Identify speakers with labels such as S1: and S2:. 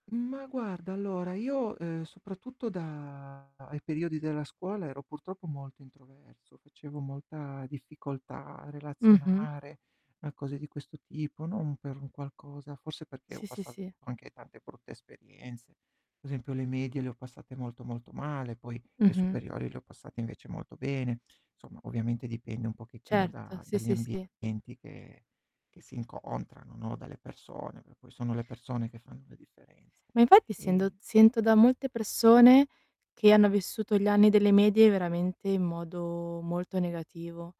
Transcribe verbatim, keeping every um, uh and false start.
S1: Ma guarda, allora, io, uhm, soprattutto da i periodi della scuola ero purtroppo molto introverso, facevo molta difficoltà a
S2: Mh-mh.
S1: relazionare, a cose di questo tipo, non per un qualcosa, forse perché ho
S2: Sì, sì,
S1: passato
S2: sì.
S1: anche tante brutte esperienze. Pe' esempio le medie le ho passate molto, molto male, poi le
S2: Mh-mh.
S1: superiori le ho passate invece molto bene. Somma, ovviamente dipende un pochettino
S2: Certo,
S1: da
S2: sì,
S1: dagli
S2: sì, sì.
S1: ambienti che che si incontrano, no, dalle persone, che poi sono le persone che fanno la differenza.
S2: Ma infatti sendo
S1: E
S2: sento da molte persone che hanno vissuto gli anni delle medie veramente in modo molto negativo.